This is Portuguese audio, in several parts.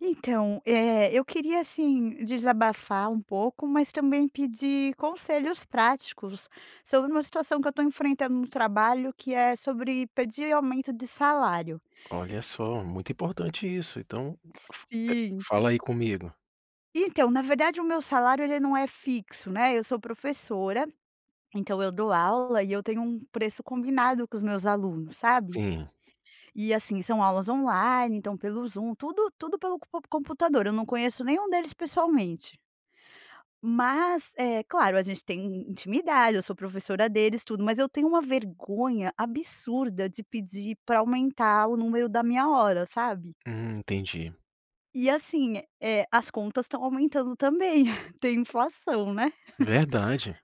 Então, eh, eu queria, assim, desabafar um pouco, mas também pedir conselhos práticos sobre uma situação que eu tô enfrentando no trabalho que é sobre pedir aumento de salário. Olha só, muito importante isso, então, f eh, Sim. fala aí comigo. Então, na verdade, o meu salário ele não é fixo, né, eu sou professora, então eu dou aula e eu tenho um preço combinado com os meus alunos, sabe? Sim. E, assim, são aulas online, então, pelo Zoom, tudo tudo pelo comp computador. Eu não conheço nenhum deles pessoalmente. Mas, eh, claro, a gente tem in intimidade, eu sou professora deles tudo, mas eu tenho uma vergonha absurda de pedir pra aumentar o número da minha hora, sabe? Hum, entendi. E assim, eh, as contas estão aumentando também tem inflação, né. Verdade.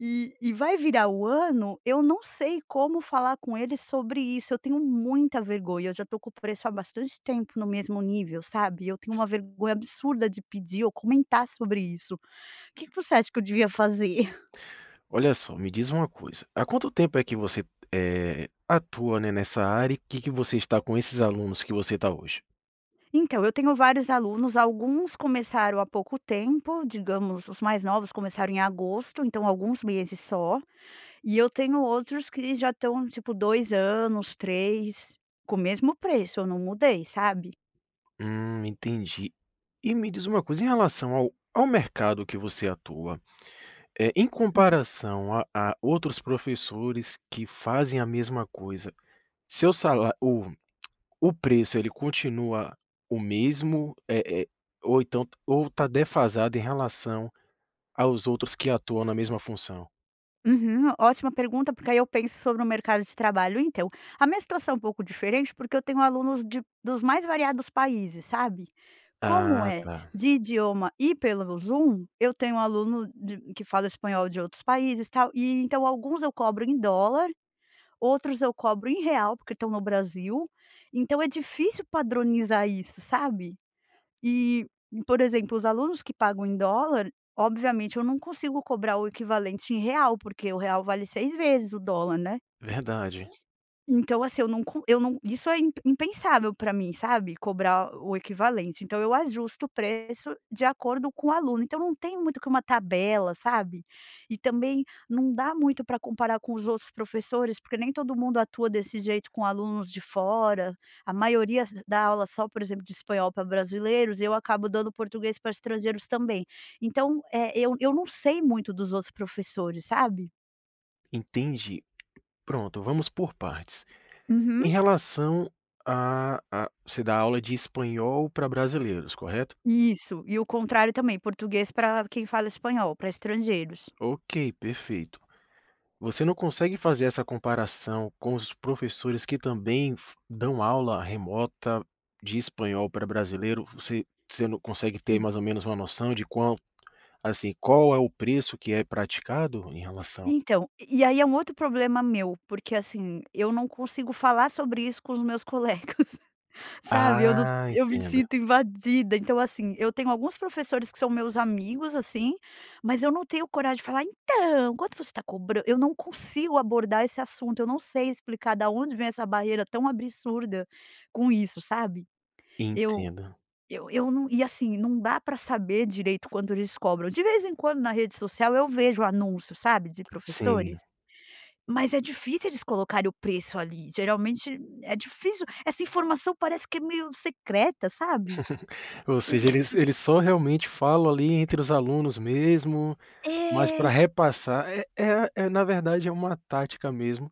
E e vai virar o ano, eu não sei como falar com eles sobre isso, eu tenho muita vergonha. Eu já estou com o preço há bastante tempo no mesmo nível, sabe. E eu tenho S uma vergonha absurda de pedir ou comentar sobre isso. Que que você acha que eu devia fazer? Olha só, me diz uma coisa: há quanto tempo é que você, eh, atua, né, nessa área e que que você está com esses alunos que você tá hoje? Então, eu tenho vários alunos, alguns começaram há pouco tempo, digamos os mais novos começaram em agosto, então, alguns meses só, e eu tenho outros que já estão tipo 2 anos, 3 com o mesmo preço, eu não mudei, sabe. Hum, entendi. E me diz uma coisa, em relação ao ao mercado que você atua, eh, em comparação a a outros professores que fazem a mesma coisa, seu sala o o preço ele continua o mesmo, eh eh, ou então t ou tá defasado em relação aos outros que atuam na mesma função? Uhum, ótima pergunta porque aí eu penso sobre o mercado de trabalho então, a minha situação é um pouco diferente porque eu tenho alunos de dos mais variados países, sabe. Como Ah, é tá. de idioma e pelo Zoom, eu tenho aluno de que fala espanhol, de outros países, tal e então alguns eu cobro em dólar, outros eu cobro em real porque estão no Brasil, então é difícil padronizar isso, sabe. Eh, por exemplo os alunos que pagam em dólar obviamente eu não consigo cobrar o equivalente em real porque o real vale 6 vezes o dólar, né. Verdade. Então assim, eu não co eu não isso é imp impensável pra mim, sabe, cobrar o equivalente, então eu ajusto o preço de acordo com o aluno, então não tem muito que uma tabela, sabe, e também não dá muito pra comparar com os outros professores porque nem todo mundo atua desse jeito com alunos de fora, a maioria s dá aula só, por exemplo de espanhol pra brasileiros, eu acabo dando português pra estrangeiros também, então, eh, eu eu não sei muito dos outros professores, sabe. Entendi. Pronto, vamos por partes. Uhum. Em relação a a você dá aula de espanhol pra brasileiros, correto? Isso. E o contrário também: português pra quem fala espanhol, pra estrangeiros. Ok, perfeito. Você não consegue fazer essa comparação com os professores que também fo dão aula remota de espanhol para brasileiro? V você você não consegue ter Sim. mais ou menos uma noção de quão assim, qual é o preço que é praticado em relação Então, e e aí, é um outro problema meu. Porque, assim, eu não consigo falar sobre isso com os meus colegas, sabe? Eu não Ah, eu me entendo. sinto invadida. Então, assim, eu tenho alguns professores que são meus amigos, assim, mas eu não tenho coragem de falar: "Então, quanto você está cobra". Eu não consigo abordar esse assunto, eu não sei explicar da onde vem essa barreira tão absurda com isso, sabe. Eu Entendo. eu eu não e, assim, não dá pra saber direito quando eles cobram. De vez em quando na rede social eu vejo o anúncio, sabe, de Sim. professores? Mas é difícil eles colocarem o preço ali, geralmente é difícil. Essa informação parece que é meio secreta, sabe? Ou seja, eles eles só realmente falam ali entre os alunos mesmo, mas pra É! repassar é é a é na verdade é uma tática mesmo,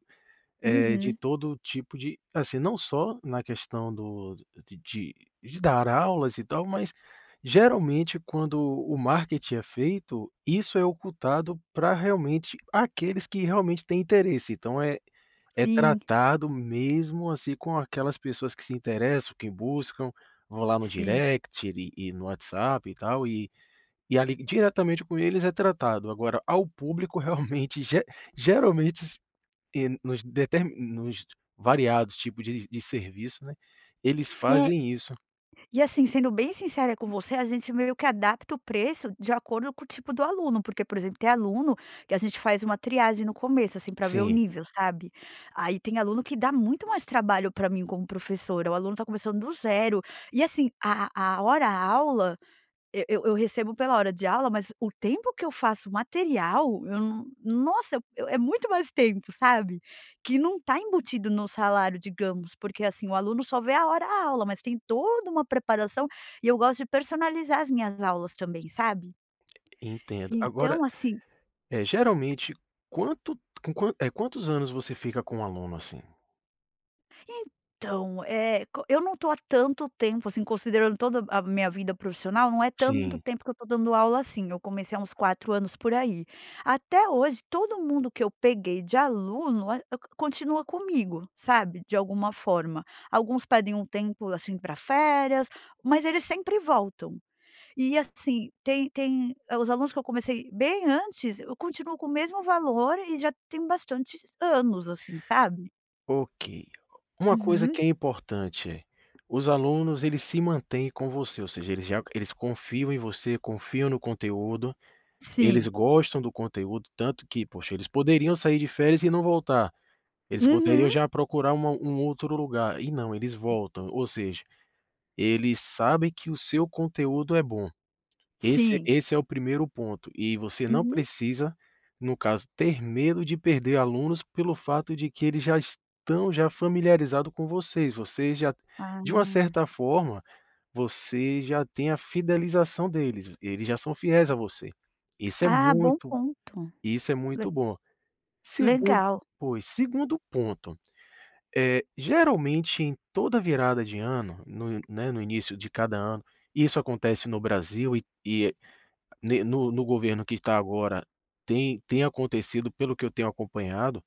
eh, de Uhum. todo o tipo de assim, não só na questão do de de de dar aulas e tal, mas geralmente quando o marketing é feito, isso é ocultado pra realmente aqueles que realmente têm interesse. Então é é Sim. tratado mesmo, assim, com aquelas pessoas que se interessam, que buscam, vão lá no Sim. direct e no WhatsApp, e tal, e e ali, É. diretamente com eles, é tratado. Agora ao público realmente ge geralmente s eh, nos deter nos variados tipos de de serviço, né, eles É. fazem isso. E, assim, sendo bem sincera com você, a gente meio que adapta o preço de acordo com o tipo do aluno. Porque, por exemplo, tem aluno que a gente faz uma triagem no começo, assim, pra ver o Sim. nível, sabe. Aí tem aluno que dá muito mais trabalho pra mim como professora. O aluno está começando do 0. E, assim, a a hora aula eu eu eu recebo pela hora de aula, mas o tempo que eu faço o material eu não nossa, eu eu é muito mais tempo, sabe. Que não está embutido no salário, digamos. Porque assim, o aluno só vê a hora aula, mas tem toda uma preparação, e eu gosto de personalizar as minhas aulas também, sabe. Entendo. Agora Então, assim eh, geralmente, quanto com quanto eh, quantos anos você fica com aluno, assim? Então, eh, co eu não tô há tanto tempo assim, considerando toda a minha vida profissional, não é tanto Sim. tempo que eu estou dando aula, assim. Eu comecei há uns 4 anos por aí. Até hoje todo mundo que eu peguei de aluno a cont continua comigo, sabe. De alguma forma. Alguns pedem um tempo assim pra férias, mas eles sempre voltam. E, assim, tem tem hã, os alunos que eu comecei bem antes continuam com o mesmo valor e já tem bastante anos, assim, sabe. Ok. Uma coisa Uhum. que é importante, os alunos eles se mantêm com você, ou seja, eles já eles confiam em você, confiam no conteúdo, eles Sim. gostam do conteúdo tanto que, poxa, eles poderiam sair de férias e não voltar. Eles poderiam Uhum. já procurar uma um outro lugar e não eles Sim. voltam. Ou seja, eles sabem que o seu conteúdo é bom. Esse Sim. esse é o primeiro ponto. E você não Uhum. precisa no caso ter medo de perder alunos pelo fato de que eles já estão já familiarizado com vocês. Vocês já de uma Ah. certa forma, você já tem a fidelização deles, eles já são fiéis a você, isso é Ah bom muito ponto. isso é Le muito bom. Segundo legal! pois, segundo ponto, eh, geralmente em toda a virada de ano, no, né, no início de cada ano isso acontece no Brasil e e ne no no governo que tá agora tem tem acontecido, pelo que eu tenho acompanhado,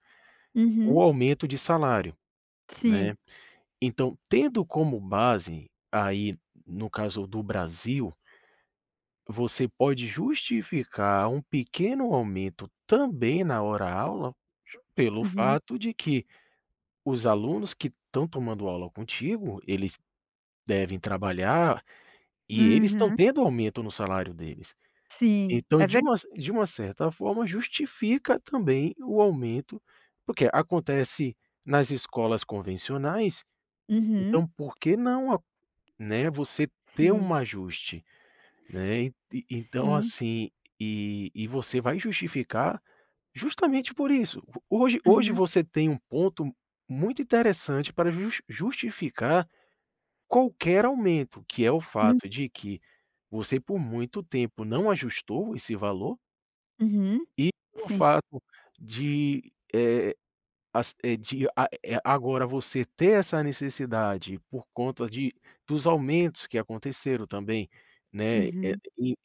o Uhum. aumento de salário, Sim. né. Então tendo como base aí, no caso, do Brasil você pode justificar um pequeno aumento também na hora aula, ju pelo Uhum. fato de que os alunos que estão tomando aula contigo, eles devem trabalhar e eles estão Uhum. tendo aumento no salário deles. Sim, Então é de ver uma cer de uma certa forma, justifica também o aumento porque acontece nas escolas convencionais, Uhum. então por que não a né, você ter um Sim. ajuste, E né. Ent então Sim. assim, e e você vai justificar justamente por isso. Hoje hoje Uhum. você tem um ponto muito interessante para just justificar qualquer aumento, que é o Hum. fato de que você por muito tempo não ajustou esse valor Uhum. e o Sim. fato de, eh, as eh, a eh, agora você ter essa necessidade por conta de dos aumentos que aconteceram também, né, eh, Uhum. em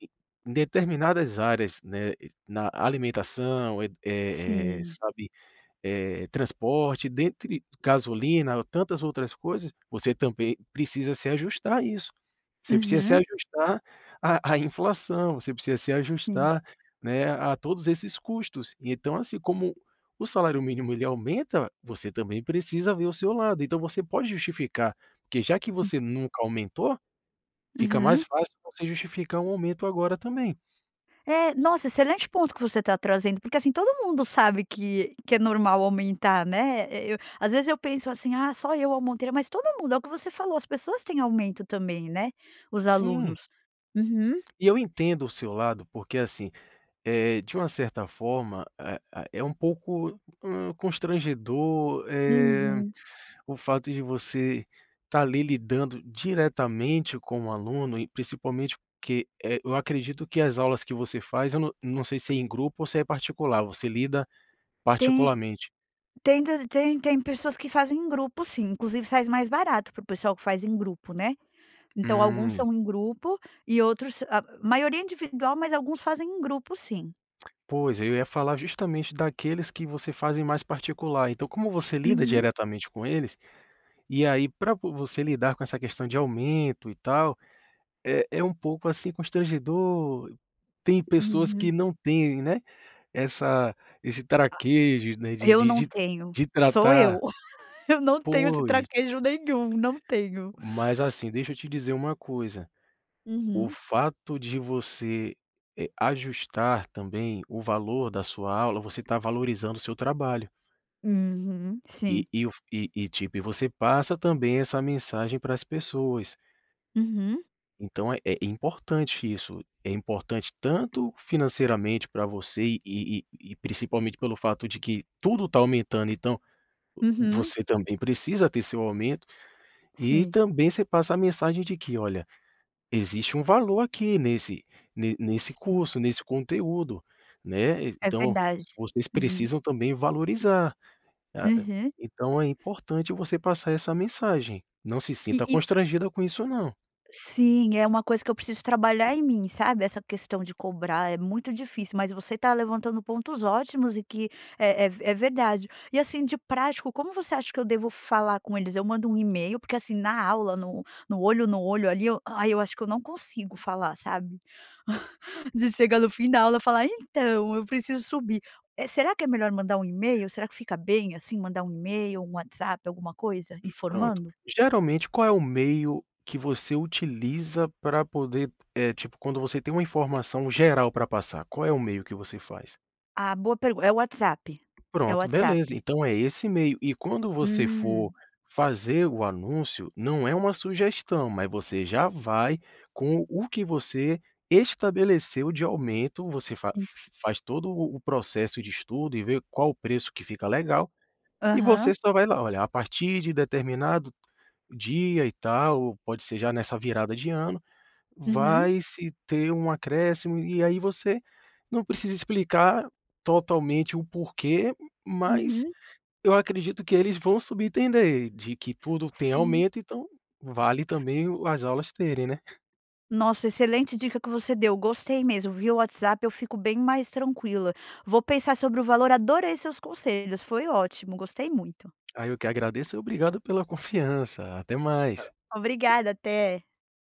determinadas áreas, né, e na alimentação, eh eh eh, Sim. sabe, eh, transporte, dentre gasolina ou tantas outras coisas. Você também precisa se ajustar a isso, você precisa se Uhum. ajustar à à inflação, você precisa se Sim. ajustar, né, a todos esses custos. E então, assim, como o salário mínimo ele aumenta, você também precisa ver o seu lado. Então você pode justificar, porque já que Hum. você nunca aumentou, fica mais Uhum. fácil você justificar um aumento agora também. É, nossa, excelente ponto que você tá trazendo. Porque, assim, todo mundo sabe que que é normal aumentar, né. E eu às vezes eu penso assim: "Ah, só eu aumentei", mas todo mundo é o que você falou, as pessoas têm aumento também, né? Os Sim. alunos. Uhum. E eu entendo o seu lado porque, assim, eh, de uma certa forma, ah ah, é um pouco, hum, constrangedor, eh, Uhum. o fato de você tá ali lidando diretamente com o aluno e principalmente porque, eh, eu acredito que as aulas que você faz eu não não sei se é em grupo ou se é particular, você lida Tem particularmente? tem tam tem tem pessoas que fazem em grupo, sim. Inclusive, sais mais barato para o pessoal que faz em grupo, né. Então alguns Hum. são em grupo, e outros a maioria é individual, mas alguns fazem em grupo, sim. Pois, eu ia falar justamente daqueles que você faz em mais particular. Então como você lida Uhum. diretamente com eles, e aí pra po você lidar com essa questão de aumento e tal, é é um pouco, assim, constrangedor. Tem pessoas Uhum. que não têm, né. Essa esse A traquejo, né, de Eu de não de tenho, de sou eu. tratar Eu não tenho se Pois. traquejo nenhum não tenho. Mas, assim, deixa eu te dizer uma coisa: o Uhum. fato de você, eh, ajustar também o valor da sua aula, você tá valorizando o seu trabalho. Uhum, sim. E e o f e e, tipo, e você passa também essa mensagem para as pessoas. Uhum. Então é é importante isso. É importante tanto financeiramente pra você e e e principalmente pelo fato de que tudo tá aumentando, então, Uhum. você também precisa ter seu aumento. E Sim. também você passa a mensagem de que: "Olha, existe um valor aqui nesse ne nesse Sim. curso, nesse conteúdo, né? É Então, verdade. vocês Uhum. precisam também valorizar". Ah, Uhum. então é importante você passar essa mensagem. Não se E sinta e constrangida com isso, não. Sim, é uma coisa que eu preciso trabalhar em mim, sabe? Essa questão de cobrar é muito difícil, mas você tá levantando pontos ótimos e que é é v é verdade. E, assim, de prático como você acha que eu devo falar com eles? Eu mando um e-mail? Porque, assim, na aula no no olho no olho ali eu ai, eu acho que eu não consigo falar, sabe? De chegar no fim da aula falar: "Então, eu preciso subir". Eh, será que é melhor mandar um e-mail? Será que fica bem, assim, mandar um e-mail, um WhatsApp, alguma coisa Pronto. informando? Geralmente qual é o meio que você utiliza pra poder eh, tipo, quando você tem uma informação geral pra passar, qual é o meio que você faz? Ah, boa pergu é o WhatsApp, é o Pronto, beleza. WhatsApp. Então é esse meio. E quando você for Hum. fazer o anúncio, não é uma sugestão, mas você já vai com o que você estabeleceu de aumento. Você fa f Hum. f faz todo o o processo de estudo e vê qual o preço que fica legal e você Aham. só vai lá: "Olha, a partir de determinado dia e tal", ou pode ser já nessa virada de ano, Uhum. "vai se ter um acréscimo". E aí você não precisa explicar totalmente o porquê, mas Uhum. eu acredito que eles vão subentender de que tudo tem Sim. aumento, então, vale também o as aulas terem, né? Nossa, excelente dica que você deu, gostei mesmo. Via WhatsApp eu fico bem mais tranquila. Vou pensar sobre o valor. Adorei seus conselhos, foi ótimo, gostei muito. Ai eu que agradeço e obrigado pela confiança. Até mais. Obrigada! Até.